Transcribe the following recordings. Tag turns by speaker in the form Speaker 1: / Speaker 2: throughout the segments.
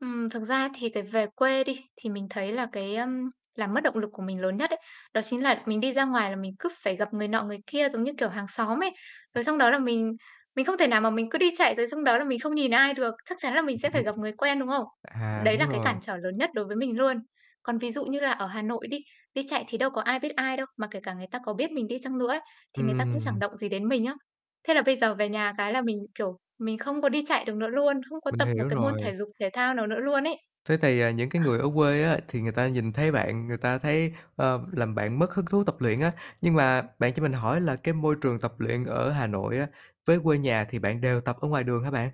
Speaker 1: Ừm, thực ra thì cái về quê đi, thì mình thấy là cái, ơm, làm mất động lực của mình lớn nhất ấy, đó chính là mình đi ra ngoài là mình cứ phải gặp người nọ người kia giống như kiểu hàng xóm ấy.
Speaker 2: À.
Speaker 1: Rồi xong đó là mình mình không thể nào mà mình cứ đi chạy, rồi xong đó là mình không nhìn ai được, chắc chắn là mình sẽ phải gặp người quen, đúng không?
Speaker 2: [unintelligible] À,
Speaker 1: Đấy
Speaker 2: đúng
Speaker 1: là cái
Speaker 2: rồi.
Speaker 1: cản trở lớn nhất đối với mình luôn. Còn ví dụ như là ở Hà Nội đi, đi chạy thì đâu có ai biết ai đâu, mà kể cả người ta có biết mình đi chăng nữa ấy, thì người ta cũng chẳng
Speaker 2: Ừm.
Speaker 1: động gì đến mình á. Thế là bây giờ về nhà cái là mình, kiểu, mình không có đi chạy được nữa luôn, không có
Speaker 2: Mình
Speaker 1: tập một
Speaker 2: hiểu
Speaker 1: cái môn
Speaker 2: rồi.
Speaker 1: thể dục thể thao nào nữa luôn ấy.
Speaker 2: Thế thì, à, những cái
Speaker 1: Ờ.
Speaker 2: người ở quê á, thì người ta nhìn thấy bạn, người ta thấy ơ, làm bạn mất hứng thú tập luyện á. Nhưng mà bạn cho mình hỏi là cái môi trường tập luyện ở Hà Nội á, với quê nhà thì bạn đều tập ở ngoài đường hả bạn?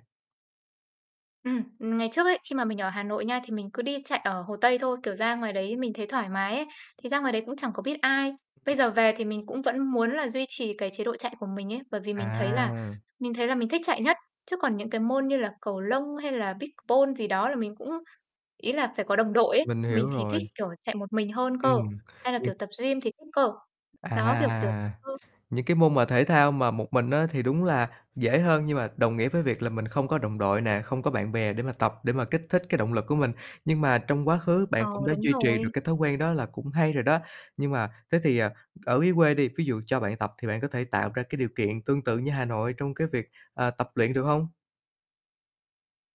Speaker 1: Ừm, ừm, ngày trước ấy, khi mà mình ở Hà Nội nha, thì mình cứ đi chạy ở Hồ Tây thôi, kiểu, ra ngoài đấy mình thấy thoải mái ấy, thì ra ngoài đấy cũng chẳng có biết ai. Bây giờ
Speaker 2: [unintelligible]
Speaker 1: về thì mình cũng vẫn muốn là duy trì cái chế độ chạy của mình ấy, bởi vì mình thấy là
Speaker 2: À.
Speaker 1: mình thấy là mình thích chạy nhất, chứ còn những cái môn như là cầu lông hay là pickleball gì đó là mình cũng ý là phải có đồng đội ấy,
Speaker 2: Mình
Speaker 1: mình
Speaker 2: hiểu
Speaker 1: thì thích,
Speaker 2: rồi.
Speaker 1: kiểu, chạy một mình hơn cơ,
Speaker 2: Ừm.
Speaker 1: hay là kiểu
Speaker 2: [unintelligible]
Speaker 1: tập gym thì thích cơ.
Speaker 2: À,
Speaker 1: Đó, kiểu, kiểu ừ.
Speaker 2: những cái môn mà thể thao mà một mình á, thì đúng là dễ hơn, nhưng mà đồng nghĩa với việc là mình không có đồng đội nè, không có bạn bè để mà tập, để mà kích thích cái động lực của mình, nhưng mà trong quá khứ bạn
Speaker 1: Ờ,
Speaker 2: cũng đã
Speaker 1: đúng
Speaker 2: duy trì được
Speaker 1: rồi.
Speaker 2: cái thói quen đó là cũng hay rồi đó. Nhưng mà thế thì, ờ, ở dưới quê đi, ví dụ cho bạn tập thì bạn có thể tạo ra cái điều kiện tương tự như Hà Nội trong cái việc, à, tập luyện được hông?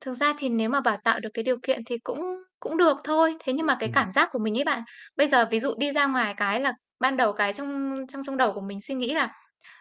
Speaker 1: Thực ra thì nếu mà bảo tạo được cái điều kiện thì cũng cũng được thôi, thế nhưng
Speaker 2: Ưm,
Speaker 1: mà cái
Speaker 2: ừm.
Speaker 1: cảm giác của mình ấy bạn, bây giờ ví dụ đi ra ngoài cái là ban đầu cái trong trong trong đầu của mình suy nghĩ là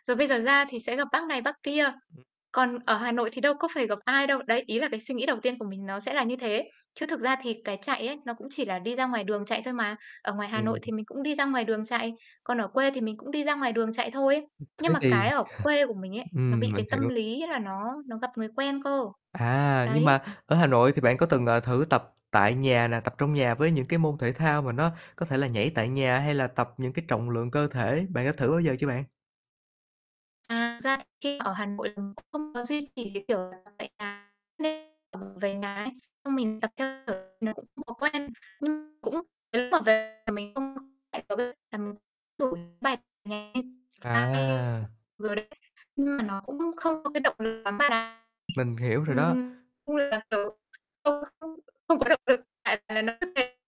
Speaker 1: "Rồi bây giờ ra thì sẽ gặp bác này bác kia,
Speaker 2: [unintelligible]
Speaker 1: còn ở Hà Nội thì đâu có phải gặp ai đâu." Đấy, ý là cái suy nghĩ đầu tiên của mình nó sẽ là như thế, chứ thực ra thì cái chạy ấy, nó cũng chỉ là đi ra ngoài đường chạy thôi mà, ở ngoài Hà
Speaker 2: Ừm.
Speaker 1: Nội thì mình cũng đi ra ngoài đường chạy, còn ở quê thì mình cũng đi ra ngoài đường chạy thôi,
Speaker 2: [unintelligible] Thế
Speaker 1: nhưng mà
Speaker 2: thì
Speaker 1: cái ở quê của mình ấy, nó
Speaker 2: ừm,
Speaker 1: bị
Speaker 2: mình
Speaker 1: cái tâm
Speaker 2: hiểu.
Speaker 1: lý là nó nó gặp người quen cơ.
Speaker 2: À, nhưng
Speaker 1: Đấy.
Speaker 2: mà ở Hà Nội thì bạn có từng, ờ, thử tập tại nhà nè, tập trong nhà với những cái môn thể thao mà nó có thể là nhảy tại nhà hay là tập những cái trọng lượng cơ thể, bạn có thử bao giờ chưa bạn?
Speaker 1: À, thực ra khi ở Hà Nội mình cũng không có duy trì, cái kiểu là, tập tại nhà, nên là mình về nhà ấy, xong mình tập, theo kiểu, nó cũng không có quen, nhưng cũng nếu mà về mình không có chạy ở quê là mình đổi bài nhẹ như ta ấy.
Speaker 2: À!
Speaker 1: Rồi đấy, nhưng mà nó cũng không có cái động lực lắm bạn ạ,
Speaker 2: Mình hiểu rồi đó.
Speaker 1: ừm, nói chung là kiểu, không không không có động lực, tại là nó cứ mệt.